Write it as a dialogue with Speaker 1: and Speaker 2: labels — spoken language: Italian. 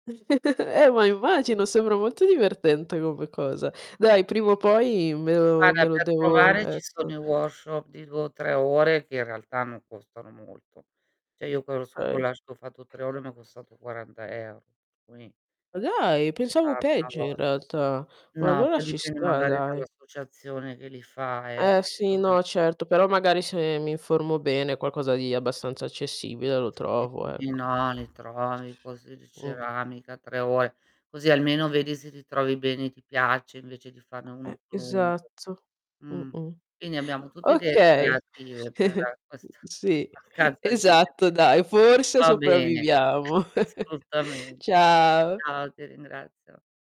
Speaker 1: Eh, ma immagino, sembra molto divertente come cosa. Dai prima o poi me lo
Speaker 2: Guarda
Speaker 1: me lo
Speaker 2: per
Speaker 1: devo
Speaker 2: provare ci sono
Speaker 1: ecco.
Speaker 2: i workshop di 2 o 3 ore, che in realtà non costano molto. Cioè io quello sul
Speaker 1: Okay.
Speaker 2: collage che ho fatto 3 ore m'è costato 40€, quindi
Speaker 1: Ma dai,
Speaker 2: Un
Speaker 1: pensavo
Speaker 2: tanto
Speaker 1: peggio
Speaker 2: a
Speaker 1: in
Speaker 2: volta
Speaker 1: realtà. Ma
Speaker 2: No,
Speaker 1: allora
Speaker 2: poi
Speaker 1: ci
Speaker 2: dipende
Speaker 1: sta,
Speaker 2: magari
Speaker 1: dai.
Speaker 2: dall'associazione che li fa eh,
Speaker 1: Eh sì, no,
Speaker 2: [unintelligible]
Speaker 1: certo, però magari se mi informo bene qualcosa di abbastanza accessibile lo
Speaker 2: Sì,
Speaker 1: trovo,
Speaker 2: sì,
Speaker 1: ecco.
Speaker 2: no li trovi corsi di
Speaker 1: Mh.
Speaker 2: ceramica 3 ore, così almeno
Speaker 1: Mh-mh.
Speaker 2: vedi se ti trovi bene e ti piace, invece di farne uno
Speaker 1: Eh,
Speaker 2: più lungo.
Speaker 1: esatto.
Speaker 2: Mhmm.
Speaker 1: Mh-mh.
Speaker 2: Quindi abbiamo tutti idee
Speaker 1: Okay,
Speaker 2: creative per questa
Speaker 1: sì,
Speaker 2: a causa di
Speaker 1: esatto
Speaker 2: Internet.
Speaker 1: dai
Speaker 2: E
Speaker 1: forse
Speaker 2: va bene,
Speaker 1: sopravviviamo.
Speaker 2: assolutamente.
Speaker 1: Ciao.
Speaker 2: Ciao ti ringrazio.